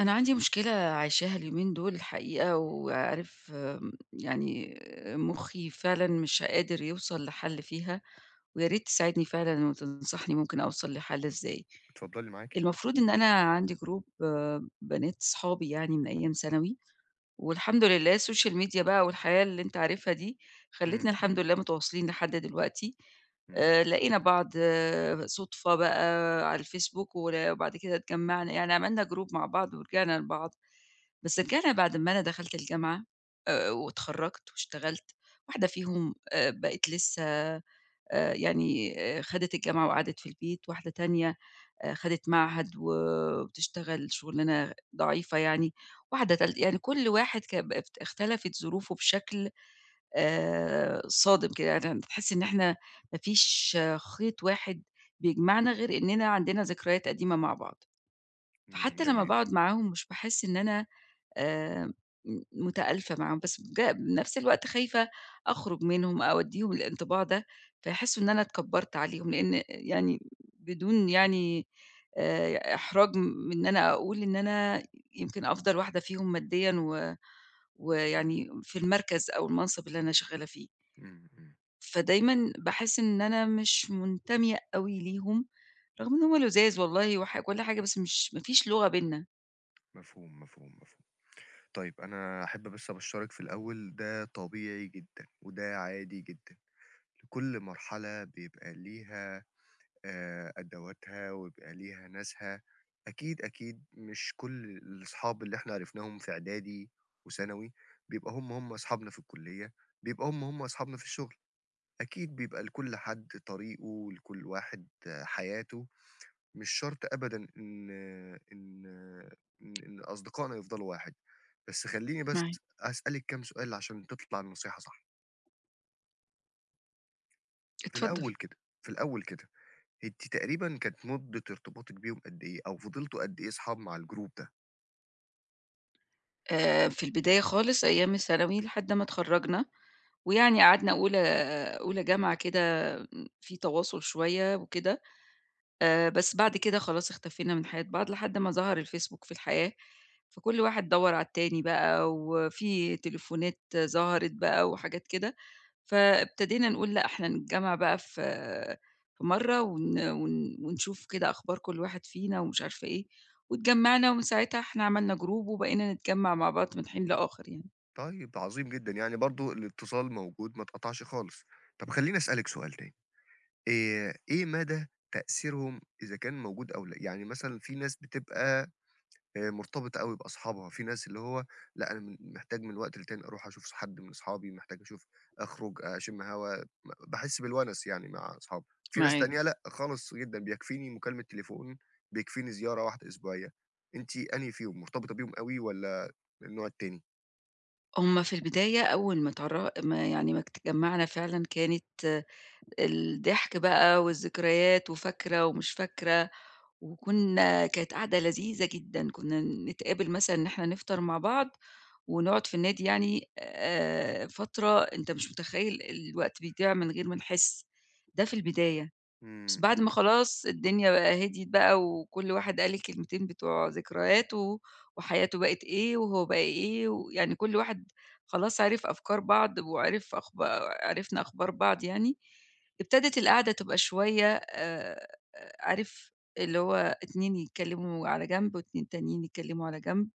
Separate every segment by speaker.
Speaker 1: أنا عندي مشكلة عايشاها اليومين دُول الحقيقة وعارف م يعني مُخّي فعلًا مش قادر يوصل لحل فيها، ويا ريت تساعدني فعلًا وتنصحني ممكن أوصل لحل إزاي.
Speaker 2: اتفضّلي معاكِ.
Speaker 1: المفروض إن أنا عندي group بنات أصحابي يعني من أيام ثانوي والحمد لله الSocial Media بقى والحياة اللي أنت عارفها دي خلِّتنا
Speaker 2: إمم،
Speaker 1: الحمد
Speaker 2: إمم.
Speaker 1: لله متواصلين لحد دلوقتي،
Speaker 2: إمم.
Speaker 1: آآ لقينا بعض صُدفة بقى على الFacebook ور وبعد كده اتجمّعنا، يعني عملنا group مع بعض ورجعنا لبعض، بس رجعنا بعد ما أنا دخلت الجامعة آآ واتخرَّجت واشتغلت، واحدة فيهم آآ بقت لسّه آآ يعني آآ خدت الجامعة وقعدت في البيت، واحدة تانية آآ خدِت معهد وبتشتغل شُغلانة ضعيفة يعني، واحدة تالتة يعني كل واحد ك بقت اختلفت ظروفه بشكل آآ صادم كده، يعني أنت تحس إن إحنا ما فيش خيط واحد بيجمعنا غير إنّنا عندنا ذكريات قديمة مع بعض.
Speaker 2: إمم،
Speaker 1: فحتّى لمّا
Speaker 2: جميل.
Speaker 1: باقعد معاهم مش باحس إن أنا آآ م مُتآلفة معاهم، بس بج نَفْس الوقت خايفة أخرج منهم أو أدّيهم الانطباع ده، فيحسّوا إن أنا اتكبّرت عليهم، لإن يعني بدون يعني آآ إحراج من إن أنا أقول إن أنا يمكن أفضل واحدة فيهم ماديًا و
Speaker 2: إمم.
Speaker 1: ويعني في المركز أو المَنصِب اللي أنا شغّالة فيه.
Speaker 2: إمم، إمم.
Speaker 1: فدايمًا باحس إن أنا مش مُنتمية أوي ليهم، رغم إن هم لُذاذ والله وح وكل حاجة، بس مش ما فيش لغة بيننا.
Speaker 2: مفهوم، مفهوم، مفهوم. طيب أنا أحب بس أبشَّرِك في الأول ده طبيعي جدًا وده عادي جدًا، لكل مرحلة بيبقى ليها آآ أدواتها ويبقى ليها ناسها، أكيد، أكيد مش كل الأصحاب اللي إحنا عرفناهم في إعدادي وثانوي بيبقى هم، هم أصحابنا في الكُلّية، بيبقى هم، هم أصحابنا في الشُغل، أكيد بيبقى لكل حد طريقه ولكل واحد حياته مش شرط أبدًا إن إن إن إن أصدقائنا يفضلوا واحد، بس خلّيني بس
Speaker 1: معاك.
Speaker 2: هاسألِك كام سؤال عشان تطلع النصيحة صح. في
Speaker 1: اتفضّل.
Speaker 2: الأول كده، في الأول كده، أنتِ تقريبًا كانت مُدّة ارتباطِك بيهم قد إيه؟ أو فضلتوا قد إيه أصحاب مع الgroup ده؟
Speaker 1: آآ في البداية خالص أيام الثانوي لحد ما اتخرَّجنا ويعني قعدنا أولى أولى جامعة كده في تواصل شوية وكده، آآ بس بعد كده خلاص اختفينا من حياة بعض لحد ما ظَهَر الFacebook في الحياة، فكل واحد دوّر على التاني بقى وفي تليفونات ظهرت بقى وحاجات كده، فابتدينا نقول لأ، إحنا نتجمّع بقى في في مرّة ون ون ونشوف كده أخبار كل واحد فينا، ومش عارفة إيه واتجمّعنا ومن ساعتها إحنا عملنا group وبقينا نتجمّع مع بعض من حين لآخَر يعني.
Speaker 2: طيب، ده عظيم جدًا، يعني برضه الاتصال موجود ما اتقطعش خالص. طَب خلّيني أسألِك سؤال تاني، آآ، إيه مدى تأثيرهم إذا كان موجود أو لأ؟ يعني مثلًا فيه ناس بتبقى آآ مرتبطة أوي بأصحابها، فيه ناس اللي هو لأ أنا م محتاج من وقت للتاني أرُوح أشوف ص حد من اصحابي، محتاج أشوف أخرج أشم هوا، م باحس بالونس يعني مع اصحابي، فيه ناس
Speaker 1: معاك.
Speaker 2: تانية لأ، خالص جدًا بيكفيني مكالمة تليفون، بيكفيني زيارة واحدة أسبوعية. أنتِ أنهي فيهم؟ مرتبطة بيهم أوي والَّا النوع التاني؟
Speaker 1: هم في البداية أول ما اتعرّ ما يعني ما ات اتجمعنا فعلًا كانت الضحك بقى والذكريات وفاكرة ومش فاكرة وكنا، كانت قعدة لذيذة جدًا، كنا نتقابل مثلًا إن إحنا نفطر مع بعض ونقعد في النادي يعني آآ، فترة أنت مش متخيّل الوقت بيضيع من غير ما نحس، ده في البداية، بس
Speaker 2: إمم،
Speaker 1: بعد ما
Speaker 2: إمم.
Speaker 1: خلاص الدنيا بقى هديت بقى وكُلّ واحد قال الكلمتين بتوع ذكرياته وحياته بقِت إيه وهو بقى إيه، ويعني كُلّ واحد خلاص عرف أفكار بعض وعرف أخبا عرفنا أخبار بعض يعني، ابتدت القعدة تبقى شوية آآ، عارف اللي هو اتنين يتكلموا على جنب، واتنين تانيين يتكلموا على جنب،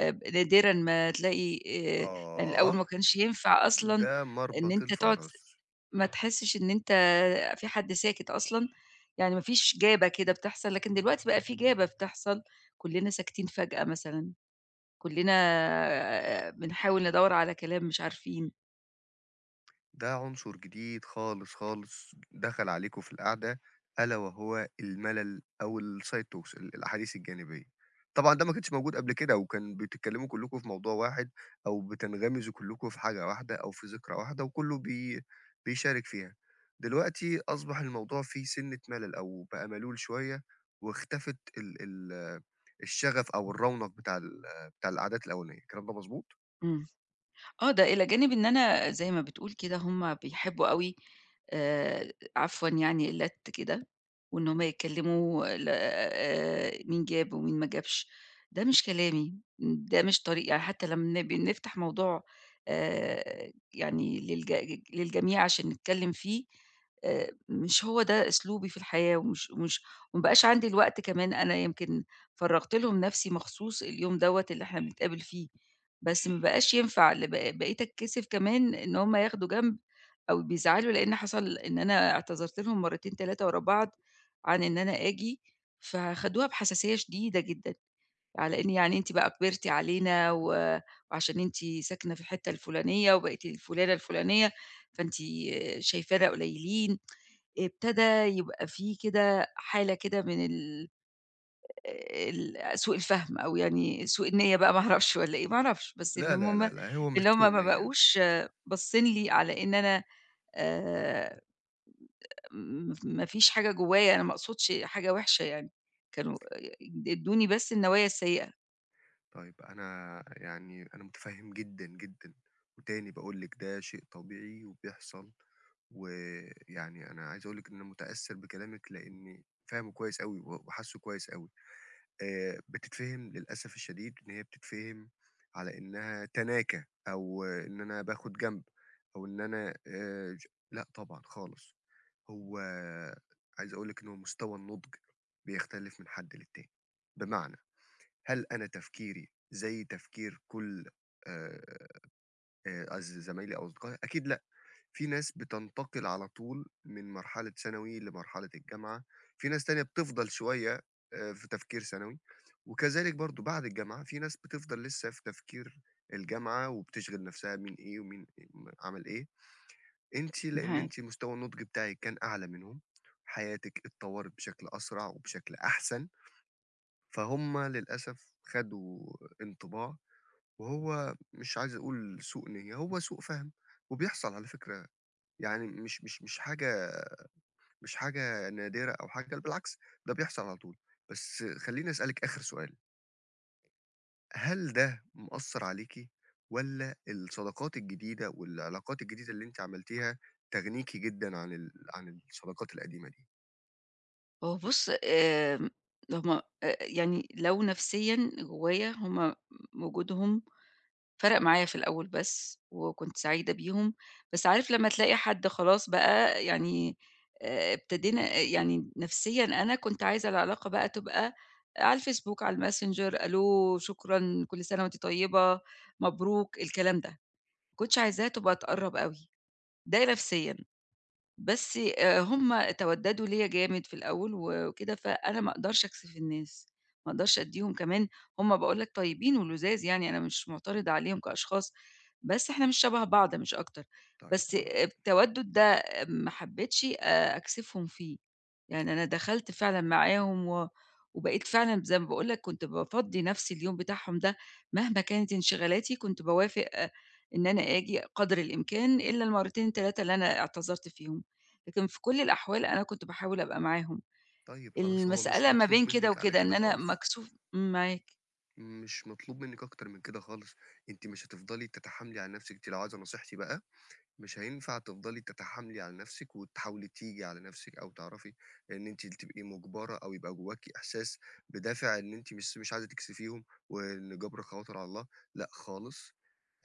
Speaker 1: ب نادرًا ما تلاقي آآ، يعني
Speaker 2: آه،
Speaker 1: الأول ما كانش ينفع أصلًا
Speaker 2: ده
Speaker 1: إن
Speaker 2: مربط
Speaker 1: أنت تقعد
Speaker 2: الفرس.
Speaker 1: ما تحسّش إن أنت فيه حد ساكت أصلًا، يعني ما فيش جابة كده بتحصل، لكن دلوقتي بقى فيه جابة بتحصل، كلنا ساكتين فجأة مثلًا، كُلّنا آآ، بنحاول ندوّر على كلام مش عارفين.
Speaker 2: ده عنصر جديد خالص، خالص دَخَل عليكم في القعدة ألا وهو المَلَل أو الside talks، الأحاديث الجانبية. طبعًا ده ما كانش موجود قبل كده وكان بتتكلِّموا كُلّكم في موضوع واحد أو بتنغمزوا كُلّكم في حاجة واحدة أو في ذِكرى واحدة وكُلّه بي بيشارك فيها. دلوقتي أصبح الموضوع فيه سِنّة مَلَل أو بقى مَلول شوية واختفت ال ال الشَغَف أو الرَّونَق بتاع ال بتاع القعدات الأولانية، الكلام ده مضبوط؟
Speaker 1: إمم. آه، ده إلى جانب إن أنا زي ما بتقول كده هم بيحبّوا أوي آآ عفوًا يعني اللت كده وإن هم يتكلِّموا ل آآ مين جاب ومين ما جابش، ده مش كلامي، ده مش طريقي. يعني حتّى لمّا بنفتح موضوع آآ يعني للجج للجميع عشان نتكلِّم فيه، آآ مش هو ده أسلوبي في الحياة ومش ومش وما بقاش عندي الوقت كمان أنا يمكن فرَّغت لهم نَفْسي مخصوص اليوم دوّة اللي إحنا بنتقابل فيه بس ما بقاش ينفع ل ب بقيت أتكسِف كمان إن هم ياخدوا جنب أو بيزعلوا لإن حصل إن أنا اعتذرت لهم مرتين، 3 ورا بعض عن إن أنا آجي، فخدوها بحساسية شديدة جدًا على إن يعني أنتِ بقى كِبرتِ علينا و وعشان أنتِ ساكنة في الحتّة الفُلانية وبقيتِ الفلُانة الفلُانية، فأنتِ شايفانا قليّلين. ابتدى يبقى في كده حالة كده من ال آآ ال سوء الفَهم أو يعني سوء النِيّة بقى ما أعرفش والّا إيه ما أعرفش، بس اللي
Speaker 2: لا، لا،
Speaker 1: مم
Speaker 2: لا، لا، هو مش
Speaker 1: إن هم
Speaker 2: سوء
Speaker 1: ما
Speaker 2: نِيّة.
Speaker 1: بقوش باصّين لي على إن أنا آآ م ما فيش حاجة جوّايا أنا ما أقصدش حاجة وِحشة يعني كانوا آآ ادّوني بس النوايا السيّئة.
Speaker 2: طيب، أنا يعني أنا متفهّم جدًا، جدًا، وتاني باقول لِك ده شيء طبيعي وبيحصل، ويعني أنا عايز أقول لِك إن أنا متأثّر بكلامِك لإني فاهمُه كويس أوي و وحاسُّه كويس أوي، آآ، بتتفهِم للأسف الشديد إن هي بتتفهِم على إنها تناكة أو إن أنا باخد جنب أو إن أنا آآ، لأ طبعًا خالص، هو عايز أقول لِك إن هو مستوى النُضج بيختلف من حد للتاني، بمعنى هل أنا تفكيري زي تفكير كُلّ آآ، قصدي زمايلي أو أصدقائي؟ أكيد لأ، فيه ناس بتنتقل على طول من مرحلة ثانوي لمرحلة الجامعة، فيه ناس تانية بتفضَل شوية في تفكير ثانوي، وكذلك برضُه بعد الجامعة فيه ناس بتفضَل لسه في تفكير الجامعة، وبتشغل نفْسها مين إيه ومين عَمَل إيه، أنتِ لأن
Speaker 1: معاك.
Speaker 2: أنتِ مستوى النُضج بتاعِك كان أعلى منهم، حياتِك اتطوّرت بشكل أسرع وبشكل أحسن. فهم للأسف خدوا انطباع، وهو مش عايز أقول سوء نية، هو سوء فَهم، وبيحصل على فكرة، يعني مش مش مش حاجة مش حاجة نادرة أو حاجة، بل بالعكس ده بيحصل على طول، بس خلّيني أسألِك آخر سؤال. هل ده مأثّر عليكِ؟ والَّا الصداقات الجديدة، والعلاقات الجديدة، اللي أنتِ عملتيها تغنيكِ جدًا عن ال عن الصداقات القديمة دي؟
Speaker 1: هو بُص، آمم ل هم أ يعني لو نَفْسيًا جوّايا هم م وجودهم فَرَق معايا في الأول بس وكنت سعيدة بيهم، بس عارف لمّا تلاقي حد خلاص بقى يعني آآ ابتدينا آآ يعني نَفْسيًا أنا كنت عايزة العلاقة بقى تبقى على الFacebook، على الMessenger ألو، شكرًا، كل سَنة وأنتِ طيّبة، مبروك الكلام ده، ما كنتش عايزاها تبقى تقرَّب أوي، ده نفسيًا. بس آآ هم تَوَدَّدوا ليّا جامد في الأول و وكده، فأنا ما أقدرش أكسِف الناس، ما أقدرش أدّيهم كمان هم باقول لك طيّبين ولُذاذ يعني أنا مش مُعترضة عليهم كأشخاص، بس إحنا مش شَبه بعض مش أكتر،
Speaker 2: طيب
Speaker 1: بس
Speaker 2: خلاص.
Speaker 1: اب التَوَدُّد ده آمم ما حبِّتش آآ أكسِفهم فيه. يعني أنا دخلت فعلًا معاهم و وبقيت فعلًا ب زي ما باقول لك كنت بافضّي نَفْسي اليوم بتاعهم ده مهما كانت انشغالاتي كنت باوافق إن أنا آجي قدر الإمكان إلّا المرتين، 3 اللي أنا اعتذرت فيهم، لكن في كل الأحوال أنا كنت باحاول أبقى معاهم.
Speaker 2: طيب خلاص هو مش
Speaker 1: المسألة ما
Speaker 2: مطلوب
Speaker 1: بين كده
Speaker 2: منِّك على
Speaker 1: وكده
Speaker 2: كده
Speaker 1: إن أنا
Speaker 2: خالص.
Speaker 1: مكسوف امم، معاك.
Speaker 2: مش مطلوب منِّك أكتر من كده خالص، أنتِ مش هتفضلي تتحاملي على نَفْسِك، أنتِ لو عايزة نصيحتي بقى، مش هينفع تفضلي تتحاملي على نَفْسِك وتحاولي تيجي على نَفْسِك أو تعرفي إن أنتِ تبقي مُجبرة أو يبقى جوّاكِ إحساس بِدافع إن أنتِ مش مش عايزة تكسفيهم وإن جبر الخواطر على الله، لأ خالص،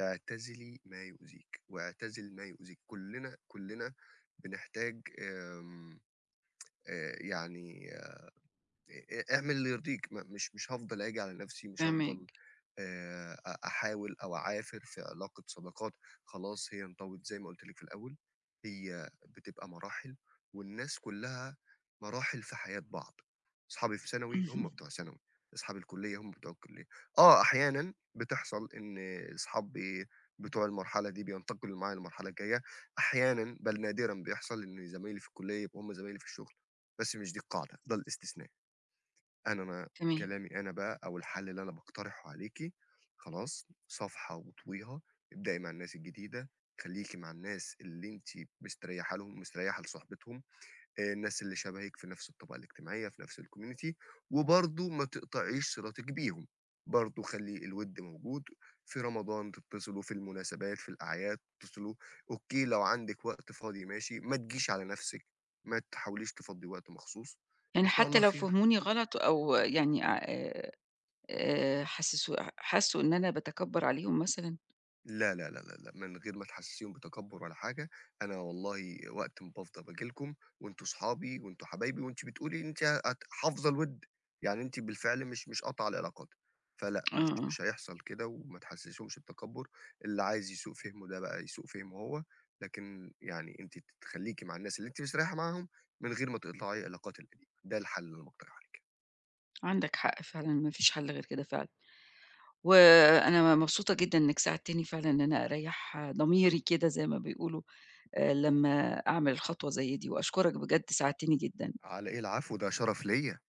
Speaker 2: اعتزلي ما يؤذيك واعتزل ما يؤذيك، كُلّنا كُلّنا بنحتاج آمم يعني آآ أ اعمل اللي يرضيك، م مش مش هافضل آجي على نَفْسي ومش هافضَل
Speaker 1: فاهماك.
Speaker 2: آآ أ أحاول أو أعافر في علاقة صداقات خلاص هي انطوت زي ما قُلت لِك في الأول، هي بتبقى مراحل والناس كُلّها مراحل في حياة بعض. أصحابي في ثانوي هم
Speaker 1: اهم.
Speaker 2: بتوع ثانوي، أصحاب الكُلِّية هم بتوع الكُلّية. آه، أحيانًا بتحصل إن أصحاب إيه، بتوع المرحلة دي بينتقلوا معايا للمرحلة الجاية، أحيانًا بَل نادرًا بيحصل إن زمايلي في الكُلّية يبقوا هم زمايلي في الشُغل، بس مش دي القاعدة، ده الاستثناء. أنا ما
Speaker 1: تمام.
Speaker 2: كلامي أنا بقى أو الحل اللي أنا باقترحه عليكِ، خلاص صفحة واطويها، ابدأي مع الناس الجديدة، خلّيكِ مع الناس اللي أنتِ مستريحة لهم، مستريّحة لصحبتهم، آآ الناس اللي شبهِك في نفْس الطبقة الاجتماعية في نفْس الcommunity وبرضه ما تقطعيش صلتِك بيهم، برضه خلّي الوِد موجود، في رمضان تتّصلوا، في المناسبات، في الأعياد تتّصلوا. أوكي لو عندِك وقت فاضي ماشي، ما تجيش على نَفْسِك، ما تحاوليش تفضِّي وقت مخصوص
Speaker 1: يعني
Speaker 2: وإن شاء
Speaker 1: حتّى
Speaker 2: الله
Speaker 1: لو
Speaker 2: خير.
Speaker 1: فهموني غلط أو يعني آآ آآ حسس حسّوا إن أنا باتكبَّر عليهم مثلًا؟
Speaker 2: لا، لا، لا، لا، لا من غير ما تحسِّسيهم بتكبُّر ولا حاجة، أنا والله وقت ما بافضى باجي لكم وأنتم أصحابي وأنتم حبايبي وأنتِ بتقولي أنتِ هت حافظة الوِد، يعني أنتِ بالفعل مش مش قاطعة العلاقات. فلأ
Speaker 1: آه،
Speaker 2: مش
Speaker 1: آه.
Speaker 2: مش هيحصل كده وما تحسِّسيهمش بتكبُّر، اللي عايز يسوء فهمه ده بقى يسوء فهمه هو، لكن يعني أنتِ ت تخلّيكِ مع الناس اللي أنتِ مستريّحة معاهم من غير ما تقطعي العلاقات القديمة، ده الحل اللي أنا باقترحه عليكِ.
Speaker 1: عندك حق فعلًا، ما فيش حَل غير كده فعلًا. وأنا مبسوطة جدًا إنّك ساعدتني فعلًا إن أنا أريّح ضميري كده زي ما بيقولوا آآ لمّا أعمل خطوة زي دي وأشكرك بجد ساعدتني جدًا.
Speaker 2: على إيه؟ العفو، ده شَرَف ليّا.